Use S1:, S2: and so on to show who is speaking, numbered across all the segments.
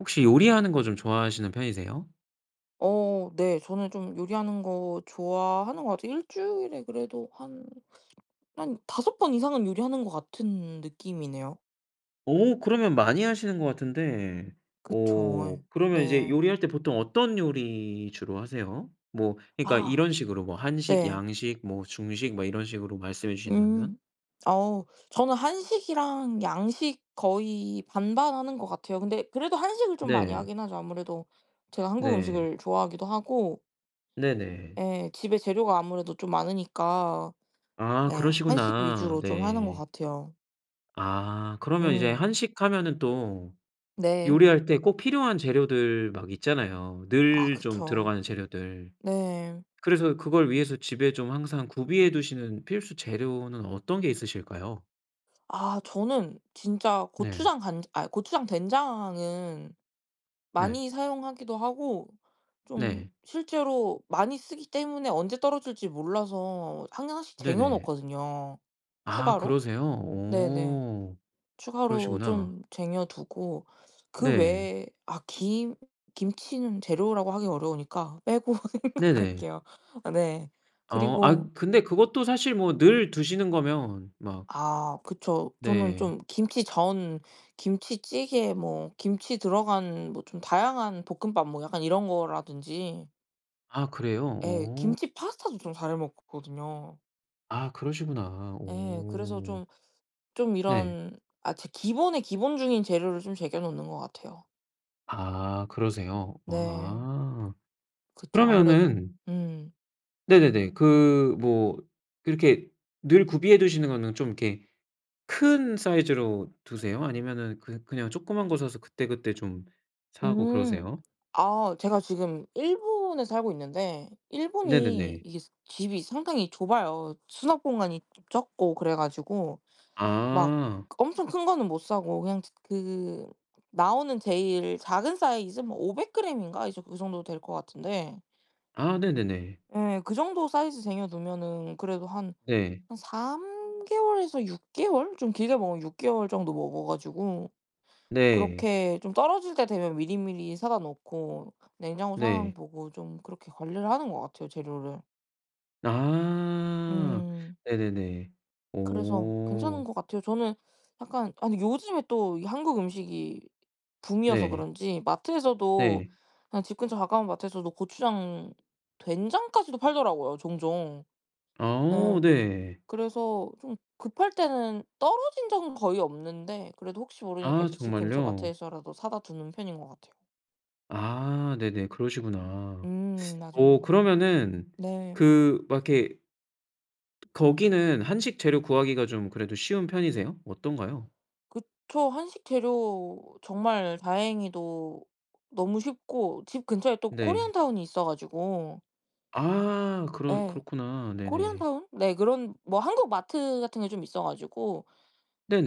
S1: 혹시 요리하는 거 좀 좋아하시는 편이세요?
S2: 어 네. 저는 좀 요리하는 거 좋아하는 것 같아요. 1 주일에 그래도 한, 한 5 번 이상은 요리하는 것 같은 느낌이네요.
S1: 어 그러면 많이 하시는 것 같은데
S2: 그쵸.
S1: 어
S2: 예.
S1: 그러면 이제
S2: 네.
S1: 요리할 때 보통 어떤 요리 주로 하세요? 뭐 그러니까
S2: 아
S1: 이런 식으로 뭐 한식,
S2: 네.
S1: 양식 뭐 중식 뭐 이런 식으로 말씀해 주신다면?
S2: 음. 어 저는 한식이랑 양식 거의 반반 하는 것 같아요. 근데 그래도 한식을 좀 많이
S1: 네.
S2: 하긴 하죠. 아무래도 제가 한국
S1: 네.
S2: 음식을 좋아하기도 하고
S1: 네네.
S2: 예. 집에 재료가 아무래도 좀 많으니까.
S1: 아
S2: 네. 한식
S1: 그러시구나.
S2: 위주로 좀 하는 것
S1: 네.
S2: 같아요.
S1: 아 그러면 이제
S2: 음.
S1: 한식하면은 또
S2: 네.
S1: 요리할 때 꼭 필요한 재료들 막 있잖아요.
S2: 아
S1: 늘 좀
S2: 그쵸.
S1: 들어가는 재료들.
S2: 네.
S1: 그래서 그걸 위해서 집에 좀 항상 구비해 두시는 필수 재료는 어떤 게 있으실까요?
S2: 아 저는 진짜
S1: 네.
S2: 고추장, 간 아 고추장, 된장은
S1: 네.
S2: 많이 사용하기도 하고 좀
S1: 네.
S2: 실제로 많이 쓰기 때문에 언제 떨어질지 몰라서 항상 1 씩
S1: 네네.
S2: 쟁여놓거든요.
S1: 아
S2: 추가로.
S1: 그러세요?
S2: 네네.
S1: 오.
S2: 추가로
S1: 그러시구나.
S2: 좀 쟁여두고 그
S1: 네.
S2: 외에 아 김 김치는 재료라고 하기 어려우니까 빼고
S1: 네네.
S2: 생각할게요. 어 네
S1: 어. 아
S2: 그리고
S1: 근데 그것도 사실 뭐 늘 드시는 거면 막
S2: 아 그쵸. 저는
S1: 네.
S2: 좀 김치전, 김치찌개 뭐 김치 들어간 뭐 좀 다양한 볶음밥 뭐 약간 이런 거라든지
S1: 아. 그래요?
S2: 예.
S1: 어.
S2: 김치 파스타도 좀 잘해 먹거든요.
S1: 아. 그러시구나.
S2: 예. 그래서
S1: 오.
S2: 좀 좀
S1: 네.
S2: 이런 아 제 기본에 기본중인 재료를 좀 쟁여 놓는 것 같아요.
S1: 아. 그러세요?
S2: 네.
S1: 아.
S2: 그쵸. 아무래도.
S1: 그러면은
S2: 음.
S1: 네네네. 그 뭐 이렇게 늘 구비해 두시는 거는 좀 이렇게 큰 사이즈로 두세요? 아니면은 그 그냥 조그만 거 사서 그때 그때 좀 사고
S2: 음.
S1: 그러세요?
S2: 아. 제가 지금 일본에 살고 있는데 일본이
S1: 네네네.
S2: 이게 사 집이 상당히 좁아요. 수납 공간이 좀 적고 그래 가지고 막
S1: 아.
S2: 엄청 큰 거는 못 사고 그냥 츠 그 나오는 제일 작은 사이즈 뭐 500 그램인가 이 정 이 정도 될 거 같은데.
S1: 아. 네네네.
S2: 예. 그 정도 사이즈 쟁여 두면은 그래도 한,
S1: 네.
S2: 한 3 개월에서 6 개월 좀 길게 먹으면 6 개월 정도 먹어 가지고.
S1: 네.
S2: 그렇게 좀 떨어질 때 되면 미리미리 사다 놓고 냉장고 상황
S1: 네.
S2: 보고 좀 그렇게 관리를 하는 것 같아요, 재료를.
S1: 아.
S2: 음.
S1: 네네네.
S2: 그래서 괜찮은
S1: 오.
S2: 것 같아요. 저는 약간 아니 요즘에 또 이 한국 음식이 붐이어서
S1: 네.
S2: 그런지 마트에서도
S1: 네.
S2: 그냥 집 근처 가까운 마트에서도 고추장, 된장까지도 팔더라고요 종종.
S1: 아 오
S2: 예.
S1: 네.
S2: 그래서 좀 급할 때는 떨어진 적은 거의 없는데 그래도 혹시 모르니까
S1: 아.
S2: 이제 집 근처
S1: 정말요?
S2: 마트에서라도 사다 두는 편인 것 같아요.
S1: 아. 네네. 그러시구나.
S2: 음
S1: 어
S2: 맞아요.
S1: 그러면은
S2: 네.
S1: 그 막 이렇게 거기는 한식 재료 구하기가 좀 그래도 쉬운 편이세요? 어떤가요?
S2: 그쵸. 한식 재료 정말 다행히도 너무 쉽고 집 근처에 또
S1: 네.
S2: 코리안타운이 있어 가지고
S1: 아. 그러
S2: 예.
S1: 그렇구나. 네네.
S2: 코리안타운 네. 그런 뭐 한국 마트 같은 게 좀 있어 가지고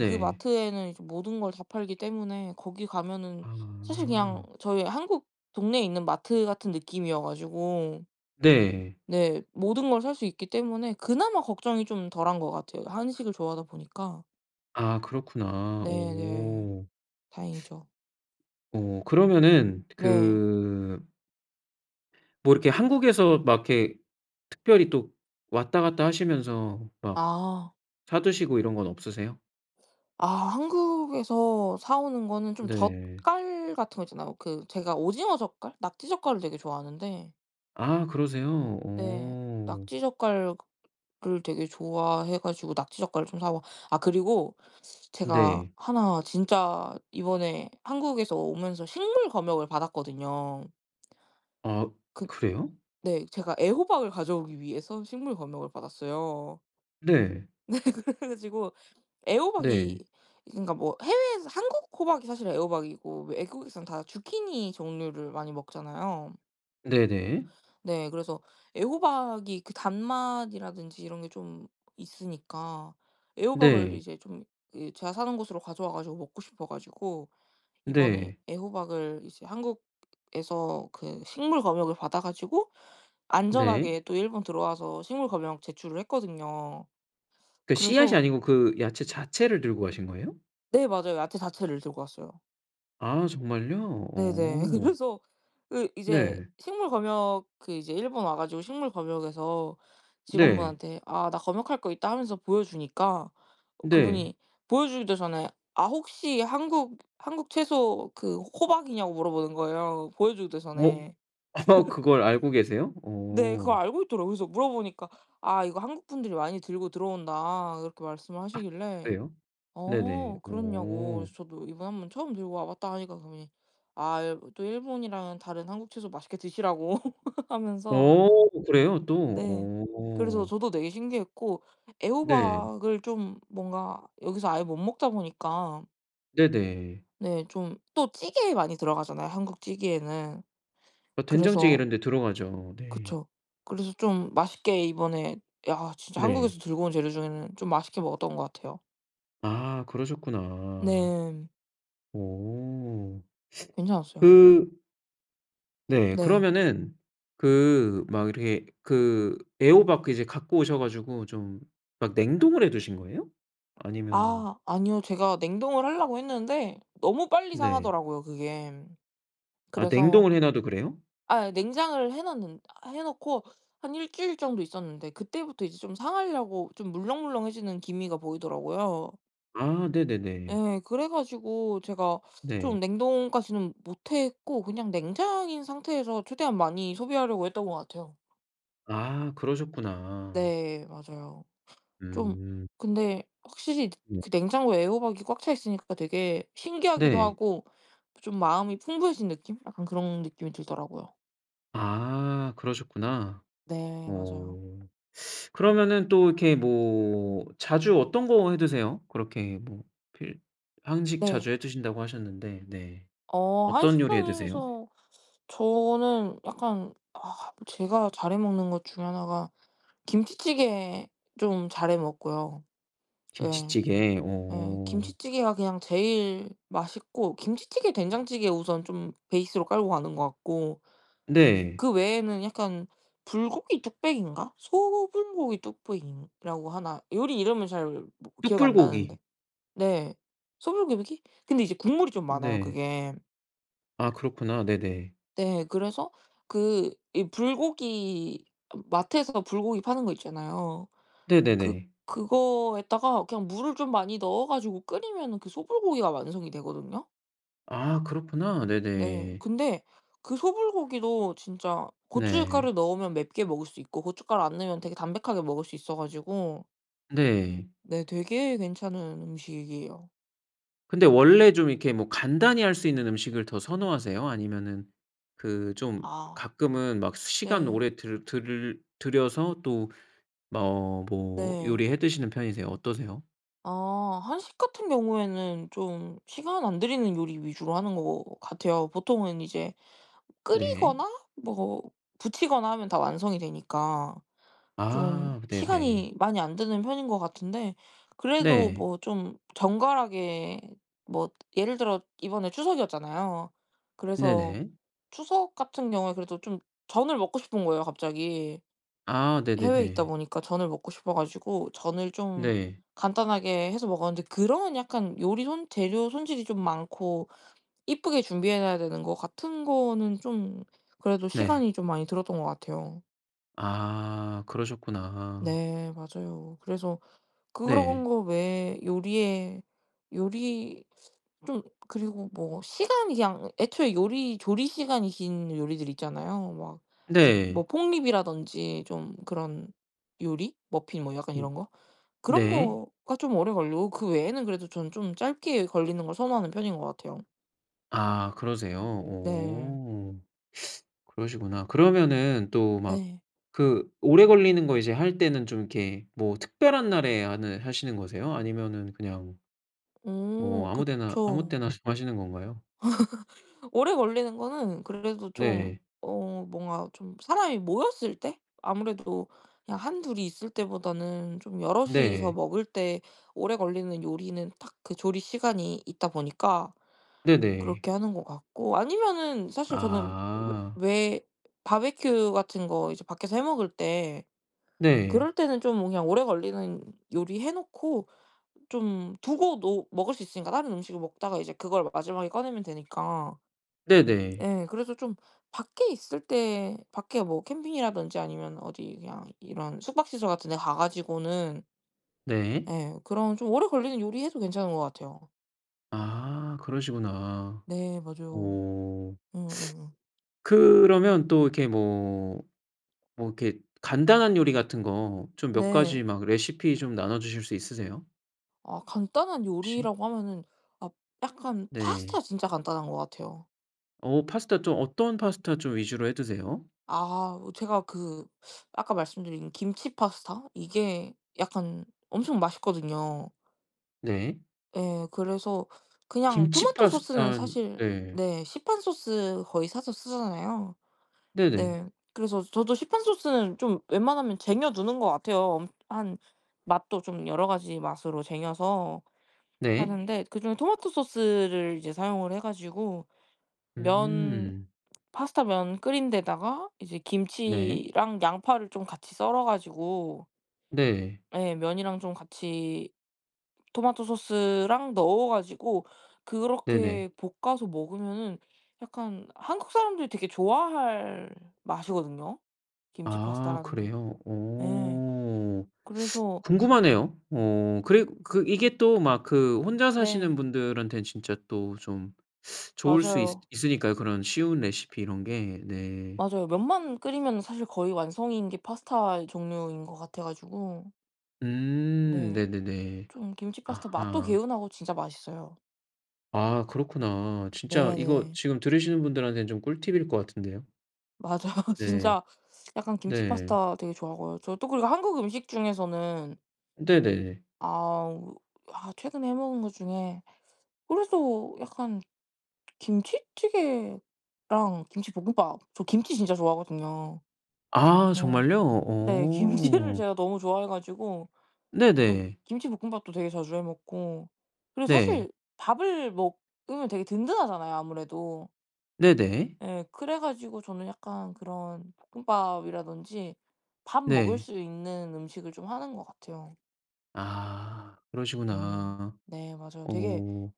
S2: 그 마트에는 이제 모든 걸 다 팔기 때문에 거기 가면은 사실 그냥
S1: 아.
S2: 저희 한국 동네에 있는 마트 같은 느낌이어 가지고
S1: 네.
S2: 네 모든 걸 살 수 있기 때문에 그나마 걱정이 좀 덜한 것 같아요. 한식을 좋아하다 보니까.
S1: 아 그렇구나.
S2: 네네.
S1: 오.
S2: 다행이죠.
S1: 어 그러면은
S2: 네.
S1: 그 뭐 이렇게 한국에서 막 이렇게 특별히 또 왔다 갔다 하시면서 막
S2: 아.
S1: 사두시고 이런 건 없으세요?
S2: 아 한국에서 사오는 거는 좀
S1: 네.
S2: 젓갈 같은 거 있잖아요. 그 제가 오징어 젓갈, 낙지 젓갈도 되게 좋아하는데
S1: 아 그러세요?
S2: 네.
S1: 어.
S2: 낙지 젓갈 그 을 되게 좋아해 가지고 낙지 젓갈을 좀 사와 아 그리고 제가
S1: 네.
S2: 1 진짜 이번에 한국에서 오면서 식물 검역을 받았거든요.
S1: 아
S2: 그
S1: 그래요?
S2: 네. 제가 애호박을 가져오기 위해서 식물 검역을 받았어요.
S1: 네.
S2: 네. 그래가지고 애호박이
S1: 네.
S2: 그러니까 뭐 해외에서 한국 호박이 사실 애호박이고 외국에선 다 주키니 종류를 많이 먹잖아요.
S1: 네네.
S2: 네. 그래서 애호박이 그 단맛이라든지 이런 게 좀 있으니까 애호박을
S1: 네.
S2: 이제 좀 이 제가 사는 곳으로 가져와 가지고 먹고 싶어 가지고 이번에
S1: 네.
S2: 애호박을 이제 한국에서 그 식물 검역을 받아 가지고
S1: 네.
S2: 안전하게 또 일본 들어와서 식물 검역 제출을 했거든요.
S1: 그 씨앗이
S2: 그래서
S1: 아니고 그 야채 자체를 들고 가신 거예요?
S2: 네. 맞아요. 야채 자체를 들고 왔어요.
S1: 아. 정말요?
S2: 네네.
S1: 어.
S2: 그래서 그 이제
S1: 네.
S2: 식물 검역 그 이제 일본 와 가지고 식물 검역에서
S1: 네.
S2: 직원분한테 "아. 나 검역할 거 있다." 하면서 보여주니까
S1: 네.
S2: 그분이 보여주기도 전에 아. 혹시 한국, 한국 채소 그 호박이냐고 물어보는 거예요, 보여주기도
S1: 워
S2: 전에.
S1: 어. 그걸 알고 계세요?
S2: 네. 그걸
S1: 어.
S2: 알고 있더라고. 그래서 물어보니까 "아. 이거 한국 분들이 많이 들고 들어온다." 이렇게 말씀을
S1: 아.
S2: 하시길래
S1: 그래요? 네네.
S2: 어. 그렇냐고
S1: 오.
S2: 그래서 저도 "이번 한번 처음 들고 와 봤다." 하니까 그분이 아 일 또 일본이랑은 다른 한국 채소 맛있게 드시라고 하면서.
S1: 어. 그래요 또?
S2: 네. 그래서
S1: 어.
S2: 저도 되게 신기했고.
S1: 네.
S2: 애호박을 좀 뭔가 여기서 아예 못 먹다 보니까
S1: 네네.
S2: 네. 좀 또 찌개에 많이 들어가잖아요. 한국 찌개에는.
S1: 어, 된장찌개
S2: 그래서
S1: 이런 데 들어가죠. 네.
S2: 그쵸. 그래서 좀 맛있게 이번에 야 진짜
S1: 네.
S2: 한국에서 들고 온 재료 중에는 좀 맛있게 먹었던 것 같아요.
S1: 아. 그러셨구나.
S2: 네.
S1: 오.
S2: 괜찮았어요.
S1: 그 네.
S2: 네.
S1: 그러면은 그 막 이렇게 그 애호박 그 이제 갖고 오셔 가지고 좀 막 냉동을 해 두신 거예요? 아니면은
S2: 아. 아니요. 제가 냉동을 하려고 했는데 너무 빨리
S1: 네.
S2: 상하더라고요 그게.
S1: 아.
S2: 그래서
S1: 냉동을 해 놔도 그래요?
S2: 아, 예. 냉장을 해 놨는 해 놓고 한 1 주일 정도 있었는데 그때부터 이제 좀 상하려고 좀 물렁물렁 해지는 기미가 보이더라고요.
S1: 아. 네네네.
S2: 예. 그래 가지고 제가 좀
S1: 네.
S2: 냉동까지는 못했고 그냥 냉장인 상태에서 최대한 많이 소비하려고 했던 것 같아요.
S1: 아. 그러셨구나.
S2: 네. 맞아요. 좀
S1: 음.
S2: 근데 확실히
S1: 음.
S2: 그 냉장고에 애호박이 꽉 차 있으니까 되게 신기하기도
S1: 네.
S2: 하고 좀 마음이 풍부해진 느낌? 약간 그런 느낌이 들더라고요.
S1: 아. 그러셨구나.
S2: 네. 맞아요.
S1: 어. 그러면은 또 이렇게 뭐 자주 어떤 거 해 드세요? 그렇게 뭐 필 한식
S2: 네.
S1: 자주 해 드신다고 하셨는데 네.
S2: 어.
S1: 어떤 요리 해 드세요?
S2: 한식당에서 저는 약간 아. 제가 잘해 먹는 것 중에 하나가 김치찌개 좀 잘 해 먹고요. 예.
S1: 김치찌개?
S2: 예.
S1: 어.
S2: 김치찌개가 그냥 제일 맛있고. 김치찌개, 된장찌개 우선 좀 베이스로 깔고 가는 것 같고.
S1: 네.
S2: 그 외에는 약간 불고기 뚝배기인가? 소불고기 뚝배기라고 하나? 요리 이름을 잘 뭐 기억이 안 나는데
S1: 뚝불고기.
S2: 네. 소불고기? 근데 이제 국물이 좀 많아요
S1: 네.
S2: 그게.
S1: 아. 그렇구나. 네네.
S2: 네. 그래서 그 이 불고기 어 마트에서 불고기 파는 거 있잖아요. 그
S1: 네네네.
S2: 그거에다가 그냥 물을 좀 많이 넣어 가지고 끓이면은 그 소불고기가 완성이 되거든요.
S1: 아. 그렇구나.
S2: 네.
S1: 네네.
S2: 근데 그 소불고기도 진짜
S1: 네.
S2: 고춧가루 넣으면 맵게 먹을 수 있고 고춧가루 안 넣으면 되게 담백하게 먹을 수 있어 가지고
S1: 네.
S2: 네. 되게 괜찮은 음식이에요.
S1: 근데 원래 좀 이렇게 뭐 간단히 할 수 있는 음식을 더 선호하세요? 아니면은 그 좀
S2: 아.
S1: 가끔은 막 시간
S2: 네.
S1: 오래 들 들 들여서 또 머 뭐
S2: 네.
S1: 요리해 드시는 편이세요? 어떠세요?
S2: 아. 한식 같은 경우에는 좀 시간 안 들이는 요리 위주로 하는 것 같아요. 보통은 이제
S1: 네.
S2: 끓이거나 뭐 부치거나 하면 다 완성이 되니까 좀
S1: 아. 네네.
S2: 시간이 많이 안 드는 편인 것 같은데. 그래도
S1: 네.
S2: 뭐 좀 정갈하게 뭐 예를 들어 이번에 추석이었잖아요. 그래서
S1: 네네.
S2: 추석 같은 경우에 그래도 좀 전을 먹고 싶은 거예요 갑자기.
S1: 아.
S2: 해외에 있다
S1: 네네네.
S2: 보니까 전을 먹고 싶어 가지고 전을 좀
S1: 네.
S2: 간단하게 해서 먹었는데 그런 약간 요리 손 재료 손질이 좀 많고 이쁘게 준비해 놔야 되는 거 같은 거는 좀 그래도
S1: 네.
S2: 시간이 좀 많이 들었던 것 같아요.
S1: 아 그러셨구나.
S2: 네 맞아요. 그래서 그런
S1: 네.
S2: 거 외에 요리에 요리 좀 그리고 뭐 시간이 그냥 애초에 요리 조리 시간이 긴 요리들이 있잖아요. 막 뭐
S1: 네.
S2: 폭립이라던지 좀 그런 요리 머핀 뭐 약간
S1: 으
S2: 이런 거. 그런
S1: 네.
S2: 거가 좀 오래 걸리고 그 외에는 그래도 전 좀 짧게 걸리는 걸 선호하는 편인 것 같아요.
S1: 아, 그러세요?
S2: 네.
S1: 오. 그러시구나. 그러면은 또 막
S2: 네.
S1: 그 오래 걸리는 거 이제 할 때는 좀 이렇게 뭐 특별한 날에 하는 하시는 거세요? 아니면은 그냥 뭐
S2: 어
S1: 아무 데나 아무
S2: 그쵸.
S1: 때나 하시는 건가요?
S2: 오래 걸리는 거는 그래도 좀
S1: 네.
S2: 어 뭔가 좀 사람이 모였을 때. 아무래도 그냥 1-2 이 있을 때보다는 좀 여럿이서
S1: 네.
S2: 먹을 때 오래 걸리는 요리는 딱 그 조리 시간이 있다 보니까
S1: 네네.
S2: 그렇게 하는 것 같고. 아니면은 사실 저는
S1: 아.
S2: 왜 왜 바비큐 같은 거 이제 밖에서 해 먹을 때
S1: 네.
S2: 그럴 때는 좀 그냥 오래 걸리는 요리 해 놓고 좀 두고도 먹을 수 있으니까. 다른 음식을 먹다가 이제 그걸 마지막에 꺼내면 되니까.
S1: 네네.
S2: 네 그래서 좀 밖에 있을 때 밖에 뭐 캠핑이라든지 아니면 어디 그냥 이런 숙박시설 같은데 가 가지고는
S1: 네.
S2: 네 그런 좀 오래 걸리는 요리 해도 괜찮은 거 같아요.
S1: 아 그러시구나.
S2: 네 맞아요.
S1: 어
S2: 응. 응응.
S1: 그러면 또 이렇게 뭐 뭐 이렇게 간단한 요리 같은 거 좀 몇 가지
S2: 네.
S1: 막 레시피 좀 나눠주실 수 있으세요?
S2: 아 간단한
S1: 혹시?
S2: 요리라고 하면은 아 약간
S1: 네.
S2: 파스타 진짜 간단한 것 같아요.
S1: 어 파스타 좀 어떤 파스타 좀 위주로 해 드세요?
S2: 아하 아 제가 그 아까 말씀드린 김치 파스타 이게 약간 엄청 맛있거든요.
S1: 네.
S2: 예. 그래서 그냥
S1: 김치
S2: 토마토 소스는
S1: 파스타는
S2: 사실
S1: 네.
S2: 네 시판 소스 거의 사서 쓰잖아요.
S1: 네네.
S2: 네. 그래서 저도 시판 소스는 좀 웬만하면 쟁여 두는 것 같아요. 음 한 맛도 좀 여러 가지 맛으로 쟁여서
S1: 네.
S2: 하는데 그중에 토마토 소스를 이제 사용을 해 가지고 면
S1: 음.
S2: 파스타면 끓인 데다가 이제
S1: 네.
S2: 김치랑 양파를 좀 같이 썰어 가지고
S1: 네.
S2: 예. 면이랑 좀 같이 토마토 소스랑 넣어 가지고
S1: 네네.
S2: 그렇게 볶아서 먹으면은 약간 한국사람들이 되게 좋아할 맛이거든요 김치
S1: 아
S2: 파스타라는 게.
S1: 그래요?
S2: 예.
S1: 어
S2: 그래서
S1: 궁금하네요. 어 그리 그 이게 또 막 그 혼자 사시는
S2: 네.
S1: 분들한텐 진짜 또 좀 좋을 수 있
S2: 맞아요.
S1: 있으니까요. 그런 쉬운 레시피 이런 게. 네.
S2: 맞아요. 면만 끓이면은 사실 거의 완성인 게 파스타 종류인 것 같아 가지고
S1: 음.
S2: 네.
S1: 네네네.
S2: 좀 김치 파스타 맛도
S1: 아하.
S2: 개운하고 진짜 맛있어요.
S1: 아. 그렇구나. 진짜 이거
S2: 네네.
S1: 지금 들으시는 분들한테는 좀 꿀팁일 것 같은데요.
S2: 맞아요.
S1: 네.
S2: 진짜. 약간 김치
S1: 네.
S2: 파스타 되게 좋아하고요. 저 또 그리고 한국 음식 중에서는
S1: 네네.
S2: 아우. 아. 최근에 해 먹은 거 중에 그래도 약간 김치찌개랑 김치볶음밥. 저 김치 진짜 좋아하거든요.
S1: 아.
S2: 예.
S1: 정말요?
S2: 네. 김치를
S1: 오.
S2: 제가 너무 좋아해 가지고. 저
S1: 네네.
S2: 김치볶음밥도 되게 자주 해 먹고. 그리고
S1: 네.
S2: 사실 밥을 먹으면 되게 든든하잖아요 아무래도.
S1: 네네.
S2: 예. 그래가지고 저는 약간 그런 볶음밥이라든지 밥 먹을
S1: 네.
S2: 수 있는 음식을 좀 하는 것 같아요.
S1: 아.
S2: 음.
S1: 그러시구나.
S2: 네. 맞아요. 되게
S1: 어.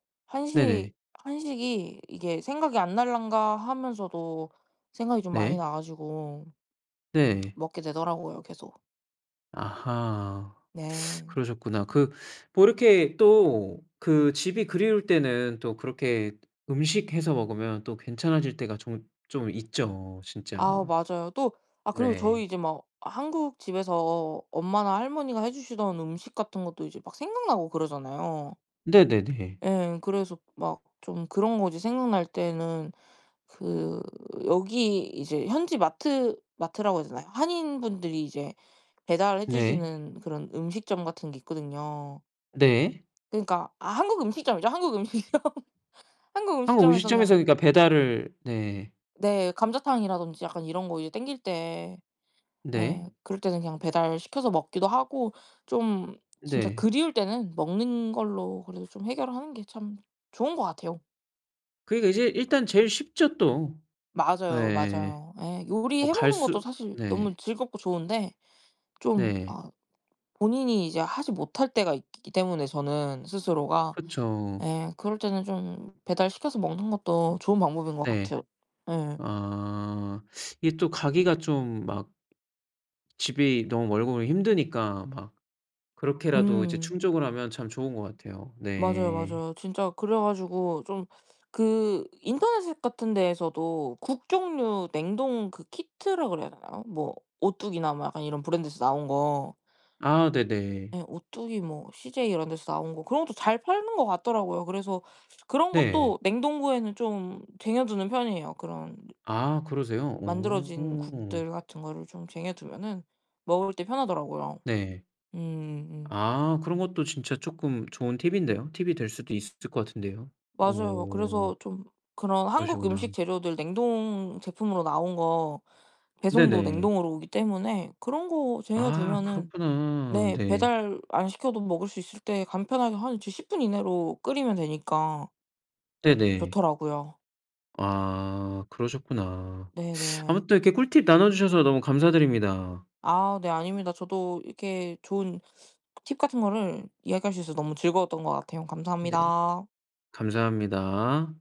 S1: 네네.
S2: 한식, 한식이 이게 '생각이 안 날란가.' 하면서도 생각이 좀 많이
S1: 네.
S2: 나 가지고
S1: 네.
S2: 먹게 되더라고요 계속.
S1: 아하.
S2: 네.
S1: 그러셨구나. 그 뭐 이렇게 또 그 집이 그리울 때는 또 그렇게 음식 해서 먹으면 또 괜찮아질 때가 좀 좀 있죠 진짜.
S2: 아. 맞아요. 또 아 그리고 저희
S1: 네.
S2: 이제 막 한국 집에서 엄마나 할머니가 해 주시던 음식 같은 것도 이제 막 생각나고 그러잖아요.
S1: 네네네.
S2: 예. 그래서 막 좀 그런 것이 생각날 때는 그 여기 이제 현지 마트 마트라고 해야 되나요? 한인분들이 이제 배달해
S1: 네.
S2: 주시는 그런 음식점 같은 게 있거든요.
S1: 네.
S2: 그니까 아. 한국 음식점이죠, 한국 음식점. 한국
S1: 한국
S2: 음식점에서
S1: 음식점에서
S2: 그냥
S1: 그니까 배달을 네.
S2: 네. 감자탕이라든지 약간 이런 거 이제 당길 때
S1: 네.
S2: 예. 그럴 때는 그냥 배달시켜서 먹기도 하고. 좀 진짜
S1: 네.
S2: 그리울 때는 먹는 걸로 그래도 좀 해결하는 게 참 좋은 것 같아요.
S1: 그러니까 이제 일단 제일 쉽죠 또.
S2: 맞아요
S1: 예예.
S2: 맞아요. 예
S1: 뭐
S2: 요리해
S1: 갈
S2: 먹는
S1: 수
S2: 것도 사실
S1: 네.
S2: 너무 즐겁고 좋은데 좀
S1: 네.
S2: 아 본인이 이제 하지 못할 때가 있기 때문에 저는 스스로가
S1: 그쵸.
S2: 예 그럴 때는 좀 배달시켜서 먹는 것도 좋은 방법인 것
S1: 네.
S2: 같아요. 예.
S1: 아. 이게 또 가기가 좀 막 집이 너무 멀고 힘드니까 막 그렇게라도 이제
S2: 음.
S1: 충족을 하면 참 좋은 것 같아요.
S2: 맞아요
S1: 네.
S2: 맞아요. 진짜 그래가지고 좀 그 인터넷에 같은 데에서도 국 종류 냉동 그 키트라 그래야 되나요? 뭐 오뚜기나 뭐 약간 이런 브랜드에서 나온 거.
S1: 아 네네.
S2: 예 오뚜기 뭐 씨제이 이런 데서 나온 거 그런 것도 잘 팔리는 것 같더라고요. 그래서 그런
S1: 네.
S2: 것도 냉동고에는 좀 쟁여 두는 편이에요. 그런
S1: 아 그러세요?
S2: 만들어진
S1: 오.
S2: 국들 같은 거를 좀 쟁여 두면은 먹을 때 편하더라고요.
S1: 네.
S2: 음음.
S1: 아 그런 것도 진짜 쪼끔 좋은 팁인데요. 팁이 될 수도 있을 것 같은데요
S2: 맞아요.
S1: 오.
S2: 그래서 좀 그런 한국 음식
S1: 그러시구나.
S2: 재료들 냉동제품으로 나온 거 배송도
S1: 네네.
S2: 냉동으로 오기 때문에 그런 거 쟁여
S1: 아
S2: 두면은
S1: 그렇구나.
S2: 네
S1: 네.
S2: 배달 안 시켜도 먹을수 있을 때 간편하게 한 이제 10 분 이내로 끓이면 되니까
S1: 네네.
S2: 좋더라고요.
S1: 아 그러셨구나.
S2: 네네.
S1: 아무튼 이렇게 꿀팁 나눠 주셔서 너무 감사드립니다.
S2: 아 네. 아닙니다. 저도 이렇게 좋은 팁 같은 거를 이야기할 수 있어서 너무 즐거웠던 것 같아요.
S1: 네.
S2: 감사합니다.
S1: 감사합니다.